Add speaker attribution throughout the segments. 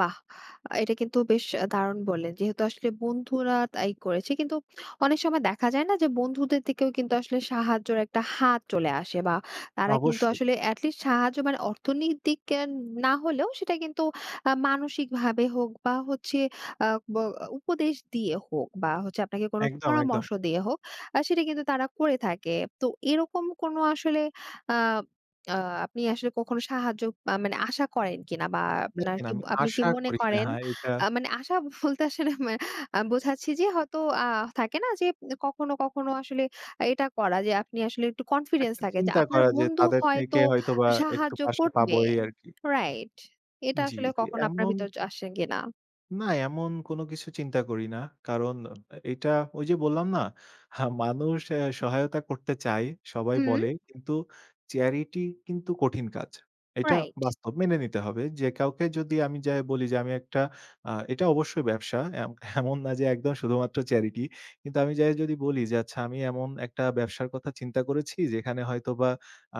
Speaker 1: বাহ! আ এটা কিন্তু বেশ দারুন বললেন। যেহেতু আসলে বন্ধুরা তাই করেছে। কিন্তু অনেক সময় দেখা যায় না যে, বন্ধুদের থেকেও কিন্তু আসলে সাহায্যের একটা হাত চলে আসে, বা তারা কিন্তু
Speaker 2: অবশ্যই।
Speaker 1: আসলে এট লিস্ট সাহায্য, মানে অর্থনৈতিক না হলেও, সেটা কিন্তু আ মানসিকভাবে হোক, বা হচ্ছে আ ব উপদেশ দিয়ে হোক, বা হচ্ছে আপনাকে কোন
Speaker 2: একদম, একদম।
Speaker 1: পরামর্শ দিয়ে হোক, আ সেটা কিন্তু তারা করে থাকে। তো, এরকম কোনো আসলে আ আ আপনি আসলে কখনো সাহায্য আ মানে আশা করেন কিনা, বা আপনার
Speaker 2: দেখেন
Speaker 1: কি
Speaker 2: আমি
Speaker 1: আপনি কি
Speaker 2: আশা
Speaker 1: মনে
Speaker 2: করি নাহ।
Speaker 1: করেন,
Speaker 2: এটা
Speaker 1: আ মানে আশা বলতে আসলে মানে আমি বোঝাচ্ছি যে, হয়তো আ থাকে না যে, কখনো কখনো আসলে এটা করা যে, আপনি আসলে একটু কনফিডেন্স
Speaker 2: একটা
Speaker 1: থাকে যে,
Speaker 2: চিন্তা
Speaker 1: আপনার
Speaker 2: করা যে,
Speaker 1: বন্ধু
Speaker 2: তাদের
Speaker 1: হয়তো
Speaker 2: থেকে হয়তোবা একটু
Speaker 1: সাহায্য
Speaker 2: পাশে পাবো
Speaker 1: করবে।
Speaker 2: এই আরকি।
Speaker 1: রাইট? এটা
Speaker 2: জি,
Speaker 1: আসলে
Speaker 2: জি
Speaker 1: কখনো আপনার
Speaker 2: এমন
Speaker 1: ভিতর আসে কিনা?
Speaker 2: না, এমন কোন কিছু চিন্তা করি না। কারণ এটা ওই যে বললাম না, হা মানুষ সহায়তা করতে চায়, সবাই
Speaker 1: হু।
Speaker 2: বলে। কিন্তু চ্যারিটি কিন্তু কঠিন কাজ। এটা
Speaker 1: রাইট।
Speaker 2: বাস্তব মেনে নিতে হবে। যে কাউকে যদি আমি যায়া বলি যে, আমি একটা, আ এটা অবশ্যই ব্যবসা, এম এমন না যে একদম শুধুমাত্র চ্যারিটি। কিন্তু আমি যায়া যদি বলি যে, আচ্ছা আমি এমন একটা ব্যবসার কথা চিন্তা করেছি, যেখানে হয়তোবা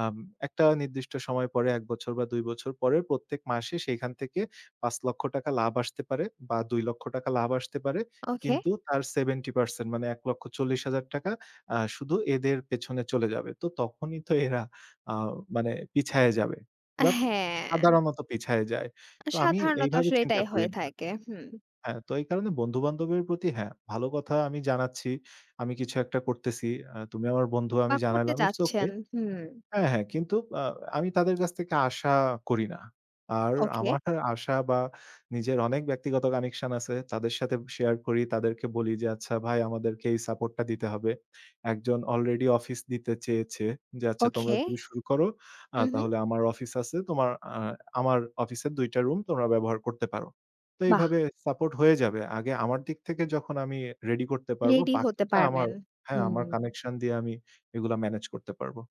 Speaker 2: আম একটা নির্দিষ্ট সময় পরে, ১ বছর বা ২ বছর পরে, প্রত্যেক মাসে সেখান থেকে ৫ লক্ষ টাকা লাভ আসতে পারে, বা ২ লক্ষ টাকা লাভ আসতে পারে।
Speaker 1: ওকে।
Speaker 2: কিন্তু তার সেভেন্টি পার্সেন্ট, মানে ১,৪০,০০০ টাকা আ শুধু এদের পেছনে চলে যাবে। তো তখনই তো এরা, আ মানে পিছায়া যাবে। বা
Speaker 1: হ্যাঁ।
Speaker 2: সাধারণত পিছায়া যায়।
Speaker 1: আ
Speaker 2: তো আমি
Speaker 1: সাধারণত
Speaker 2: এইভাবে
Speaker 1: আসলে
Speaker 2: চিন্তা
Speaker 1: এটাই হয়ে
Speaker 2: করিনি [unintelligible]
Speaker 1: থাকে। হুম।
Speaker 2: হ্যাঁ, তো এই কারণে বন্ধু বান্ধবের প্রতি, হ্যাঁ, ভালো কথা, আমি জানাচ্ছি। আমি কিছু একটা করতেছি। আ তুমি আমার বন্ধু,
Speaker 1: বা
Speaker 2: আমি
Speaker 1: করতে
Speaker 2: জানাইলাম। ইটস ওকে
Speaker 1: যাচ্ছেন, হু।
Speaker 2: হ্যাঁ, হ্যাঁ। কিন্তু আ আমি তাদের কাছ থেকে আশা করি না। আর
Speaker 1: ওকে।
Speaker 2: আমার আশা বা নিজের অনেক ব্যক্তিগত কানেকশন আছে। তাদের সাথে শেয়ার করি, তাদেরকে বলি যে, "আচ্ছা ভাই, আমাদেরকে এই সাপোর্টটা দিতে হবে।" একজন অলরেডি অফিস দিতে চেয়েছে যে, আচ্ছা, তোমরা
Speaker 1: ওকে,
Speaker 2: যদি শুরু করো, আ
Speaker 1: উঁহু।
Speaker 2: তাহলে আমার অফিস আছে। তোমার, আমার অফিসের ২ টা রুম তোমরা ব্যবহার করতে পারো। তো
Speaker 1: বাহ!
Speaker 2: এভাবে সাপোর্ট হয়ে যাবে। আগে আমার দিক থেকে যখন আমি রেডি করতে পারবো,
Speaker 1: রেডি হতে
Speaker 2: বাকিটা আমার,
Speaker 1: পারবেন।
Speaker 2: হ্যাঁ, আমার
Speaker 1: হুম।
Speaker 2: কানেকশন দিয়ে আমি এগুলা মেনেজ করতে পারবো।